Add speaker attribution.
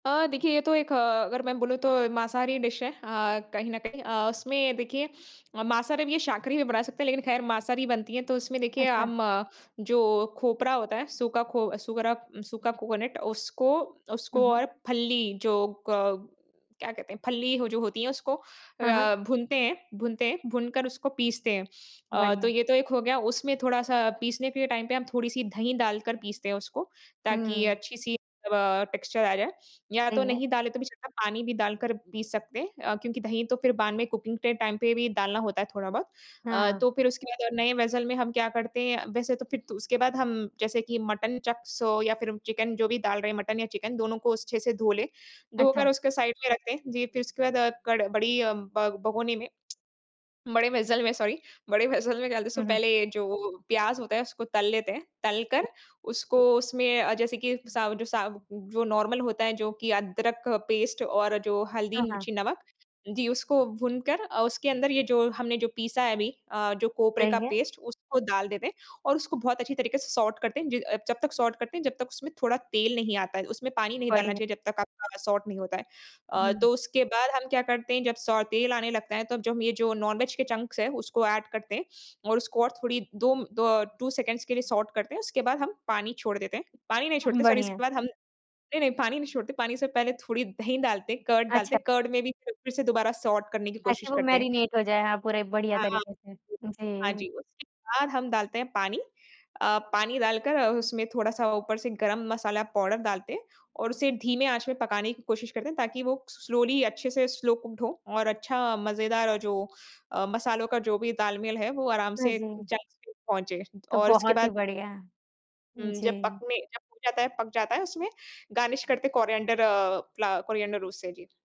Speaker 1: अ, देखिए ये तो एक अ, अगर मैं बोलूँ तो मांसाहारी डिश है अ, कहीं न कहीं अ, उसमें देखिए मांसाहारी भी ये शाकाहारी भी बना सकते हैं लेकिन खैर मांसाहारी बनती है तो उसमें देखिए
Speaker 2: अच्छा।
Speaker 1: हम जो खोपरा होता है सूखा खो सूखरा सूखा कोकोनट उसको
Speaker 2: हुँ,
Speaker 1: उसको
Speaker 2: हुँ।
Speaker 1: और फल्ली जो क क्या कहते हैं फल्ली हो जो होती है उसको
Speaker 2: हाँ, हाँ।
Speaker 1: अ, भूनते हैं भूनते हैं, भूनकर उसको पीसते हैं। अ, तो
Speaker 2: बढ़िया।
Speaker 1: ये तो एक हो गया उसमें थोड़ा सा पीसने के टाइम पे हम थोड़ी-सी दही डालकर पीसते हैं उसको ताकि
Speaker 2: हुँ।
Speaker 1: अच्छी-सी तब टेक्सचर आ जाए। या तो
Speaker 2: सही है।
Speaker 1: नहीं डाले तो भी चलता है पानी भी डालकर पीस सकते हैं अ, क्योंकि दही तो फिर बाद में कुकिंग के टाइम पे भी डालना होता है थोड़ा-बहुत। अ,
Speaker 2: हाँ।
Speaker 1: तो फिर उसके बाद और नए वेसेल में हम क्या करते हैं वैसे तो फिर तो उसके बाद हम जैसे कि मटन चक्स हो या फिर चिकन जो भी डाल रहे हैं मटन या चिकन दोनों को स अच्छे से धो ले।
Speaker 2: अच्छा।
Speaker 1: धोकर उसके साइड में रखते हैं। वी फिर उसके बाद क़ड बड़ी अ, ब भगोनी में। बड़े वेसेल में सॉरी बड़े वेसेल में डालते तो
Speaker 2: हुँ, हुँ।
Speaker 1: पहले जो प्याज़ होता है उसको तल लेते हैं, तल कर, उसको उसमें जैसे कि सा जो सा जो नॉर्मल होता है जो कि अदरक पेस्ट और जो हल्दी
Speaker 2: हाँ, हाँ।
Speaker 1: मिर्ची नमक, जी, उसको भूनकर अ, उसके अंदर ये जो हमने जो पीसा है अभी अ, जो कोपरे का
Speaker 2: सही है।
Speaker 1: पेस्ट उसको डाल देते हैं और उसको बहुत अच्छी तरीके से सॉट करते हैं। जि जब तक सॉट करते हैं जब तक उसमें थोड़ा तेल नहीं आता है। उसमें पानी नहीं डालना
Speaker 2: बढ़िया।
Speaker 1: चाहिए जब तक आपका सॉट नहीं होता है। अ,
Speaker 2: हुँ।
Speaker 1: तो उसके बाद हम क्या करते हैं जब सौ तेल आने लगता है तो अब जो हम ये जो नॉन वेज के चंक्स है उसको ऐड करते हैं और उसको और थोड़ी दो द 2 सेकंड़्स के लिए सॉट करते हैं, उसके बाद हम पानी छोड़ देते हैं। पानी नहीं
Speaker 2: उहुँ,
Speaker 1: छोड़ते सॉरी
Speaker 2: बढ़िया।
Speaker 1: उसके बाद हम नहीं नहीं, पानी नहीं छोड़ते पानी से पहले थोड़ी दही डालते हैं, कर्ड डालते
Speaker 2: अच्छा।
Speaker 1: हैं, कर्ड में भी फिर से दोबारा सॉट करने की कोशिश
Speaker 2: ताकि वो
Speaker 1: करते हैं।
Speaker 2: मैरिनेट हो जाए, हाँ, पूरे बढ़िया
Speaker 1: हाँ, हाँ,
Speaker 2: तरीके से,
Speaker 1: हाँ
Speaker 2: जी।
Speaker 1: जी, उसके बाद हम डालते हैं पानी अ, पानी डालकर उसमें थोड़ा-सा ऊपर से गरम मसाला पाउडर डालते हैं और उसे धीमे आँच में पकाने की कोशिश करते हैं ताकि वो स्लोली अच्छे से स्लो कुक्ड हो और अच्छा मज़ेदार और जो अ, मसालों का जो भी तालमेल है वो आराम
Speaker 2: हाँ
Speaker 1: से
Speaker 2: जी।
Speaker 1: चंक्स में पहुँचे
Speaker 2: तो
Speaker 1: और उसके
Speaker 2: बहुत ही
Speaker 1: बाद
Speaker 2: बढ़िया।
Speaker 1: हुँ, जब
Speaker 2: जी।
Speaker 1: पकने जब हो जाता है पक जाता है उसमें, गार्निश करते हैं कोरिएंडर अ, कोरिएंडर रूस से जी।